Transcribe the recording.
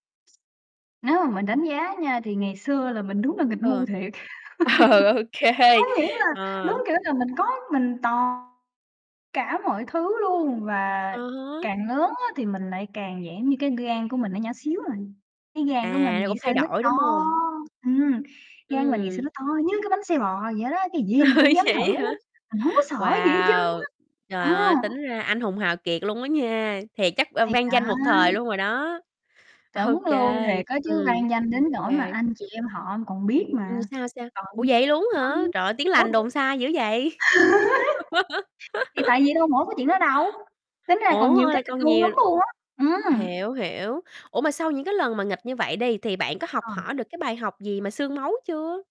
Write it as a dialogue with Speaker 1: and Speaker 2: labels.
Speaker 1: Nếu mà mình đánh giá á nha, thì ngày xưa là mình đúng là nghịch ngu
Speaker 2: Ờ.
Speaker 1: thiệt!
Speaker 2: Ờ, ô
Speaker 1: Có
Speaker 2: kê.
Speaker 1: nghĩa là đúng
Speaker 2: Ờ.
Speaker 1: kiểu là mình có mình toàn cả mọi thứ luôn,
Speaker 2: Ừ
Speaker 1: và
Speaker 2: hứ.
Speaker 1: càng lớn á, thì mình lại càng dạng như cái gan của mình nó nhỏ xíu à, cái gan của
Speaker 2: À,
Speaker 1: mình ngày
Speaker 2: cũng
Speaker 1: xưa
Speaker 2: thay
Speaker 1: nó
Speaker 2: đổi,
Speaker 1: to
Speaker 2: đúng hông?
Speaker 1: ừm, gan mình ngày xưa
Speaker 2: Ừm.
Speaker 1: nó to như cái bánh xe bò vậy đó, cái gì mình
Speaker 2: Ơi,
Speaker 1: cũng dám
Speaker 2: vậy
Speaker 1: thử
Speaker 2: á
Speaker 1: á,
Speaker 2: hả?
Speaker 1: mình hổng có sợ gì hết trơn
Speaker 2: Wow! Trời
Speaker 1: á!
Speaker 2: ơi!
Speaker 1: Ờ.
Speaker 2: Tính ra anh hùng hào kiệt luôn á nha, thiệt chắc, ờ,
Speaker 1: Thì
Speaker 2: vang
Speaker 1: đó!
Speaker 2: danh một thời luôn rồi đó! Ô
Speaker 1: Đúng luôn
Speaker 2: kê,
Speaker 1: thiệt á chứ,
Speaker 2: ừm.
Speaker 1: vang danh đến
Speaker 2: Ô
Speaker 1: nỗi mà
Speaker 2: kê.
Speaker 1: anh chị em họ còn biết
Speaker 2: Ừm,
Speaker 1: mà.
Speaker 2: sao, sao?
Speaker 1: Ừ,
Speaker 2: Ủa vậy luôn á
Speaker 1: đó,
Speaker 2: hả? Trời ơi, tiếng lành
Speaker 1: đúng.
Speaker 2: đồn xa dữ vậy!
Speaker 1: Thì tại vì đâu mỗi cái chuyện đó đâu, tính ra còn
Speaker 2: Ủa,
Speaker 1: nhiều
Speaker 2: ê,
Speaker 1: cái nghịch
Speaker 2: còn
Speaker 1: ngu
Speaker 2: nhiều
Speaker 1: lắm luôn á! Ừm.
Speaker 2: hiểu, hiểu. Ủa, mà sau những cái lần mà nghịch như vậy đi, thì bạn có học
Speaker 1: Ờ.
Speaker 2: hỏi được cái bài học gì mà xương máu chưa?